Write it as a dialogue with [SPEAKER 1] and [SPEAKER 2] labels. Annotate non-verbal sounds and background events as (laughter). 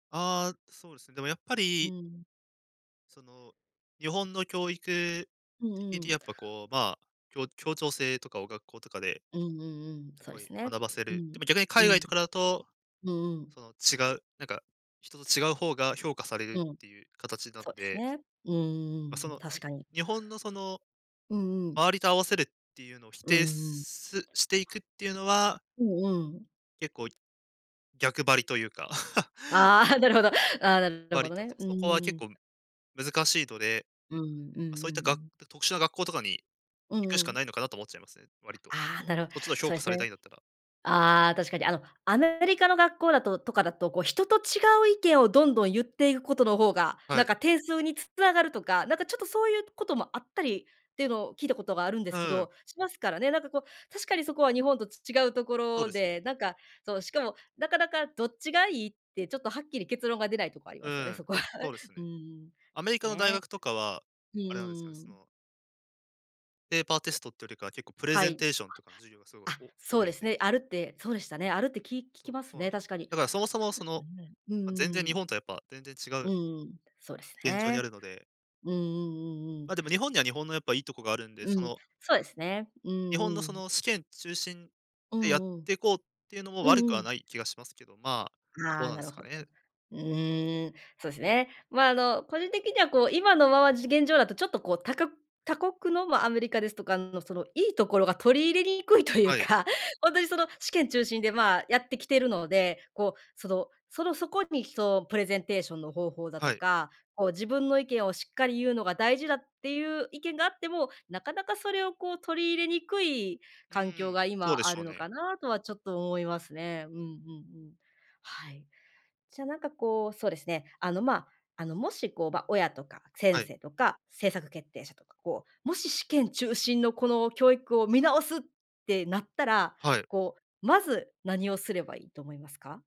[SPEAKER 1] ああ、そうですね、でも、やっぱ
[SPEAKER 2] う
[SPEAKER 1] り
[SPEAKER 2] ん。
[SPEAKER 1] その、日本の教育
[SPEAKER 2] うんう
[SPEAKER 1] 的に、
[SPEAKER 2] ん。
[SPEAKER 1] やっぱこう、まあ、きょ協調性とかを学校とかで、
[SPEAKER 2] うんうんうん、そうで
[SPEAKER 1] 凄
[SPEAKER 2] す
[SPEAKER 1] い
[SPEAKER 2] ね、
[SPEAKER 1] 学ばせ
[SPEAKER 2] う
[SPEAKER 1] る
[SPEAKER 2] ん、
[SPEAKER 1] でも、逆に
[SPEAKER 2] う
[SPEAKER 1] 海外
[SPEAKER 2] ん、
[SPEAKER 1] とかだと、
[SPEAKER 2] うんう
[SPEAKER 1] そ
[SPEAKER 2] ん。
[SPEAKER 1] の、違う何か、人と違う方が、評価されるっ
[SPEAKER 2] うん、
[SPEAKER 1] て言う形なん
[SPEAKER 2] そうです
[SPEAKER 1] で
[SPEAKER 2] ね、うー
[SPEAKER 1] ま、そ
[SPEAKER 2] ん、
[SPEAKER 1] の、
[SPEAKER 2] 確
[SPEAKER 1] に
[SPEAKER 2] かに。
[SPEAKER 1] 日本の、その、
[SPEAKER 2] うんうん。
[SPEAKER 1] 周りと合わせるって言うのを否
[SPEAKER 2] うー
[SPEAKER 1] 定、
[SPEAKER 2] ん。
[SPEAKER 1] すして行くっていうのは
[SPEAKER 2] うんうん。
[SPEAKER 1] 結構、逆張りと言うか。(chuckles)
[SPEAKER 2] ああ、なるほど、ああ、なるほ
[SPEAKER 1] 割
[SPEAKER 2] ど
[SPEAKER 1] と、
[SPEAKER 2] ね、う
[SPEAKER 1] そそこは結
[SPEAKER 2] ん。
[SPEAKER 1] 構、難しいので、
[SPEAKER 2] うん、うんうんう
[SPEAKER 1] そういったが
[SPEAKER 2] ん。
[SPEAKER 1] 特殊な学校とかに
[SPEAKER 2] う
[SPEAKER 1] 行く
[SPEAKER 2] ん
[SPEAKER 1] し
[SPEAKER 2] う
[SPEAKER 1] か
[SPEAKER 2] ん。
[SPEAKER 1] ないのかなと思っちゃいますね、割と、
[SPEAKER 2] ああ、なるほ
[SPEAKER 1] そっちが評
[SPEAKER 2] そう
[SPEAKER 1] 価
[SPEAKER 2] で
[SPEAKER 1] さ
[SPEAKER 2] す
[SPEAKER 1] れた
[SPEAKER 2] ね。
[SPEAKER 1] いんだったら。
[SPEAKER 2] ああ、確かに、あの、アメリカの学校だととかだと、こう人と違う意見をどんどん言って行く事の方が、
[SPEAKER 1] は
[SPEAKER 2] 何
[SPEAKER 1] い。
[SPEAKER 2] か、点数に繋がるとか、何か、ちょっとそう言う事もあったり、って言うのを聞いた事があるんで
[SPEAKER 1] う
[SPEAKER 2] すけ
[SPEAKER 1] ーん。
[SPEAKER 2] どしますからね、何かこう、確かに、そこは日本とち違う
[SPEAKER 1] そう
[SPEAKER 2] 所
[SPEAKER 1] ですね。
[SPEAKER 2] で、何か、そう、しかも、中々どっちが良いって、ちょっと、はっきり結論が出ない所あり
[SPEAKER 1] う
[SPEAKER 2] ますよね、
[SPEAKER 1] ん、
[SPEAKER 2] そこは、
[SPEAKER 1] そうです
[SPEAKER 2] (chuckles) うー
[SPEAKER 1] ね、
[SPEAKER 2] ん、
[SPEAKER 1] アメリ
[SPEAKER 2] す
[SPEAKER 1] カの大
[SPEAKER 2] ね、
[SPEAKER 1] 学とかは、
[SPEAKER 2] うんう
[SPEAKER 1] あれなんですよね、
[SPEAKER 2] んう
[SPEAKER 1] そ
[SPEAKER 2] ん。
[SPEAKER 1] のペーパーテストって言うよりかは、結構、プレ
[SPEAKER 2] は
[SPEAKER 1] ゼン
[SPEAKER 2] い、
[SPEAKER 1] テーションとかの授業が、凄い、
[SPEAKER 2] あ。あ、
[SPEAKER 1] お
[SPEAKER 2] そ
[SPEAKER 1] 多
[SPEAKER 2] うで
[SPEAKER 1] い
[SPEAKER 2] す
[SPEAKER 1] です
[SPEAKER 2] ね、
[SPEAKER 1] か？
[SPEAKER 2] あるって、そうでしたね、あるってき聞
[SPEAKER 1] そ
[SPEAKER 2] き
[SPEAKER 1] う、
[SPEAKER 2] ます
[SPEAKER 1] そうなん
[SPEAKER 2] ね、
[SPEAKER 1] ですよ、
[SPEAKER 2] 確かに、
[SPEAKER 1] だから、そもそ
[SPEAKER 2] そ
[SPEAKER 1] も、
[SPEAKER 2] う
[SPEAKER 1] そ
[SPEAKER 2] で
[SPEAKER 1] の、
[SPEAKER 2] すね、う
[SPEAKER 1] ま、全然
[SPEAKER 2] ー
[SPEAKER 1] 日
[SPEAKER 2] ん。
[SPEAKER 1] 本とやっぱ、全然違
[SPEAKER 2] う
[SPEAKER 1] う
[SPEAKER 2] んうん、そうです
[SPEAKER 1] 現状にあ
[SPEAKER 2] ね、
[SPEAKER 1] るので
[SPEAKER 2] うんうんうんうん。
[SPEAKER 1] ま、でも、日本には日本のやっぱ、良い所があるんで、
[SPEAKER 2] う
[SPEAKER 1] そ
[SPEAKER 2] ん、
[SPEAKER 1] の
[SPEAKER 2] そうですね、う
[SPEAKER 1] 日本の、
[SPEAKER 2] んう
[SPEAKER 1] そ
[SPEAKER 2] ん。
[SPEAKER 1] の、試験中心
[SPEAKER 2] う
[SPEAKER 1] でやっ
[SPEAKER 2] んうん、
[SPEAKER 1] ていこう、って言うのも
[SPEAKER 2] う
[SPEAKER 1] 悪
[SPEAKER 2] ん
[SPEAKER 1] く
[SPEAKER 2] う
[SPEAKER 1] は
[SPEAKER 2] ん。
[SPEAKER 1] ない気がしますけど、まあ、ど
[SPEAKER 2] あ
[SPEAKER 1] う
[SPEAKER 2] あ、
[SPEAKER 1] なん
[SPEAKER 2] な
[SPEAKER 1] です
[SPEAKER 2] る
[SPEAKER 1] か
[SPEAKER 2] ほど。
[SPEAKER 1] ね。
[SPEAKER 2] うーん、そうですね。まあ、あの、個人的にはこう、今のままじ現状だと、ちょっとこう他こ他国の、まあ、アメリカですとかの、その、良い所が取り入れにくいと言う
[SPEAKER 1] はい。
[SPEAKER 2] か、本当に、その、試験中心で、まあ、やって来ているので、こう、そのその、そこに、その、プレゼンテーションの方法だ
[SPEAKER 1] は
[SPEAKER 2] と
[SPEAKER 1] い。
[SPEAKER 2] か、こう自分の意見をしっかり言うのが大事だっていう意見があっても、中々それを、こう取り入れにくい、
[SPEAKER 1] うー
[SPEAKER 2] 環境
[SPEAKER 1] ん、
[SPEAKER 2] が、
[SPEAKER 1] そうで
[SPEAKER 2] 今あ
[SPEAKER 1] しょ
[SPEAKER 2] る
[SPEAKER 1] う
[SPEAKER 2] の
[SPEAKER 1] ね。
[SPEAKER 2] かなとはちょっと思いますね。うんうんうん。はい。じゃあ、何かこう、そうですね、あのま、あのもしこう、ま、親とか、先
[SPEAKER 1] はい。
[SPEAKER 2] 生とか、政策決定者とか、こう、もし試験中心の、この教育を見直すってなったら、
[SPEAKER 1] はい。
[SPEAKER 2] こう、まず何をすれば良いと思いますか？